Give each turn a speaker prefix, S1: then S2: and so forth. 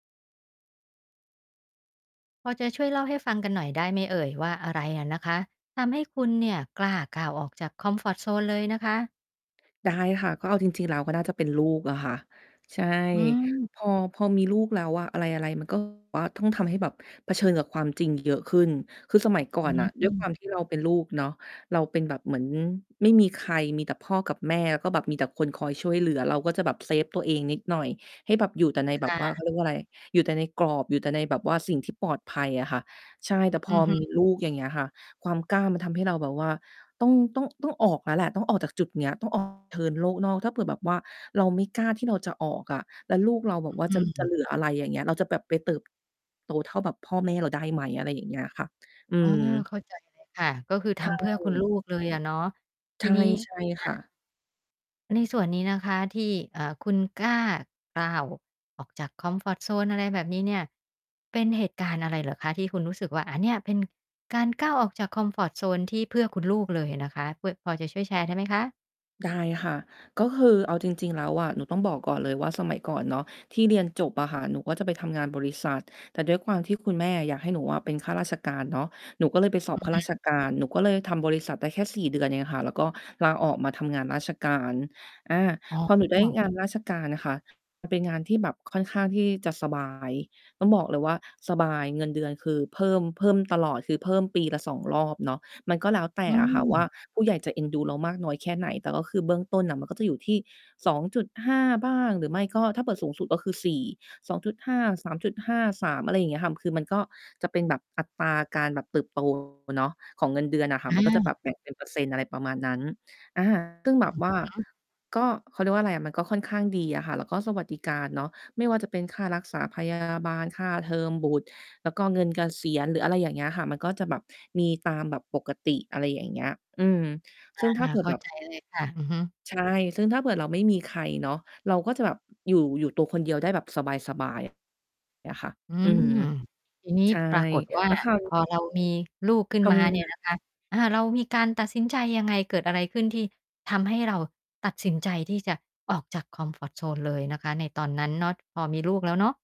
S1: พอจะช่วยเล่าให้ฟังกันหน่อยได้ไหมเอ่ยว่า อะไรอะนะคะทำให้คุณเนี่ย กล้าก้าวออกจากคอมฟอร์ตโซนเลยนะคะ?
S2: ได้ค่ะ ก็เอาจริง ๆ แล้วก็น่าจะเป็นลูกอะค่ะ ใช่
S1: อืม
S2: พอ พอมีลูกแล้วอะ อะไร ๆ มัน ก็ ว่า ต้องทำให้แบบเผชิญกับความจริงเยอะขึ้น คือสมัยก่
S1: อ
S2: อ
S1: ื
S2: นน่ะ ด้วยค
S1: ม
S2: วามที่เราเป็นลูกเนาะ เราเป็นแบบ เหมือนไม่มีใคร มีแต่พ่อกับแม่แล้วก็แบบมีแต่คนคอยช่วยเหลือ เราก็จะแบบเซฟตัวเองนิดหน่อย ให้แบบอยู่แต่ในแบ
S1: ค
S2: บ
S1: ่
S2: ว่า เขา
S1: ะ
S2: เรียกว่าไร อยู่แต่ในกรอบ อยู่แต่ในแบบว่าสิ่งที่ปลอดภัยอะค่ะ ใช่ แต่พ
S1: อื
S2: อ
S1: อฮึ
S2: มีลูกอย่างเงี้ยค่ะ ความกล้ามันทำให้เราแบบว่า ต้อง ต้อง ต้องออกแล้วแหละ ต้องออกจากจุดนี้ ต้อง ออก เชิญโลกนอก ถ้าเผื่อแบบว่าเราไม่กล้าที่เราจะออกอะ แล้วลูกเราแบ
S1: อ
S2: บว่า
S1: อื
S2: จะ ล จะเห
S1: ม
S2: ลืออะไรอย่างเงี้ย เราจะแบบไปเติบ โตเท่าแบบพ่อแม่เราได้ไหม อะไรอย่างเงี้ยค่ะ อื
S1: อ๋อ
S2: ม
S1: เข้า ใจเลย ค่ะ ก็คือ
S2: ใ
S1: ท
S2: ช
S1: ำเพื่อคุณล
S2: ่
S1: ูกเลยอะเนาะ
S2: ใช
S1: ที
S2: ่
S1: นี้
S2: ใช่
S1: อ
S2: ค
S1: า
S2: ่ะ
S1: ในส่วนนี้นะคะที่ เอ่อ คุณกล้าก้าวออกจากคอมฟอร์ตโซน อะไรแบบนี้เนี่ย เป็นเหตุการณ์อะไรเหรอคะ ที่คุณรู้สึกว่า อ่า เนี่ยเป็น การก้าวออกจากคอมฟอร์ตโซนที่เพื่อคุณลูกเลยอะนะคะ เพื่อ พอจะช่วยแชร์ได้ไหมคะ?
S2: ได้ค่ะ ก็คือเอาจริง ๆ แล้วอะ หนูต้องบอกก่อนเลยว่า สมัยก่อนเนาะ ที่เรียนจบอะค่ะ หนูก็จะไปทำงานบริษัท แต่ด้วยความที่คุณแม่อยากให้หนูอะเป็นข้าราชการเนาะ หนูก็เลยไปสอ
S1: อ
S2: บ
S1: ื
S2: ข
S1: อ
S2: ้า
S1: ฮ
S2: ราช
S1: ึ
S2: การ หนูก็เลยทำบริษัทได้แค่ 4 เดือนเองค่ะ แล้วก็ลาออกมาทำงานราชการ อ่า
S1: อ๋
S2: พอ หนูได้
S1: อ
S2: งานราชการน่ะค่ะ มันเป็นงานที่แบบค่อนข้างที่จะสบาย ต้องบอกเลยว่า สบาย เงินเดือนคือเพิ่ม เพิ่มตลอด คือ เพิ่มปีละ 2 รอบเนาะ มันก็แล้วแต
S1: อ
S2: ่
S1: ื
S2: อะค่ะว่า
S1: ม
S2: ผู้ใหญ่จะเอ็นดูเรามากน้อยแค่ไหน แต่ก็คือเบื้องต้นน่ะ มันก็จะอยู่ที่ 2.5 บ้าง หรือไม่ก็ ถ้าเปิดสูงสุดก็คือ 4 2.5, 3.5, 3 อะไรอย่างเงี้ยค่ะ คือมันก็จะเป็นแบบอัตราการแบบเติบ โต เนาะ ของเงินเดือนอะค่ะ
S1: อ
S2: มันก็จะแบ
S1: า
S2: บแบ่งเป็นเปอร์เซ็นต์ อะไรประมาณนั้น อ่า ซึ่งแ
S1: อ
S2: บ
S1: ือ
S2: บว่า
S1: ฮึ
S2: ก็ เขาเรียกว่าอะไรอะ มันก็ค่อนข้างดีอะค่ะ แล้วก็สวัสดิการเนาะ ไม่ว่าจะเป็นค่ารักษา พยา บาล ค่าเทอมบุตร แล้วก็เงินเกษียณหรือ อะไรอย่างเงี้ยค่ะ มันก็จะแบบมีตามแบบปกติ อะไรอย่างเงี้ย อืม
S1: อ
S2: ซึ
S1: า
S2: ่งถ้าเผื่อ
S1: เข้
S2: แ
S1: า
S2: บบ
S1: ใจเลยค่ะ อือฮึ
S2: ใช่ ซึ่งถ้าเกิดเราไม่มีใครเนาะ เราก็จะแบบอยู่ อยู่ตัวคนเดียวได้แบบสบาย ๆ เลยค่ะ
S1: อื
S2: อื
S1: ม
S2: ม
S1: ทีนี้
S2: ใช่
S1: ปรากฏว่า
S2: แล้วคราว น
S1: พ
S2: ี้
S1: อเรามีลูกขึ้น
S2: ท
S1: มา
S2: ำ
S1: เ
S2: ง
S1: นี
S2: า
S1: ่ย
S2: น
S1: นะคะ อ่า เรามีการตัดสินใจยังไง เกิดอะไรขึ้นที่ทำให้เราตัดสินใจที่จะออกจากคอมฟอร์ตโซนเลยนะคะในตอนนั้นเนาะ พอมีลูกแล้วเนาะ?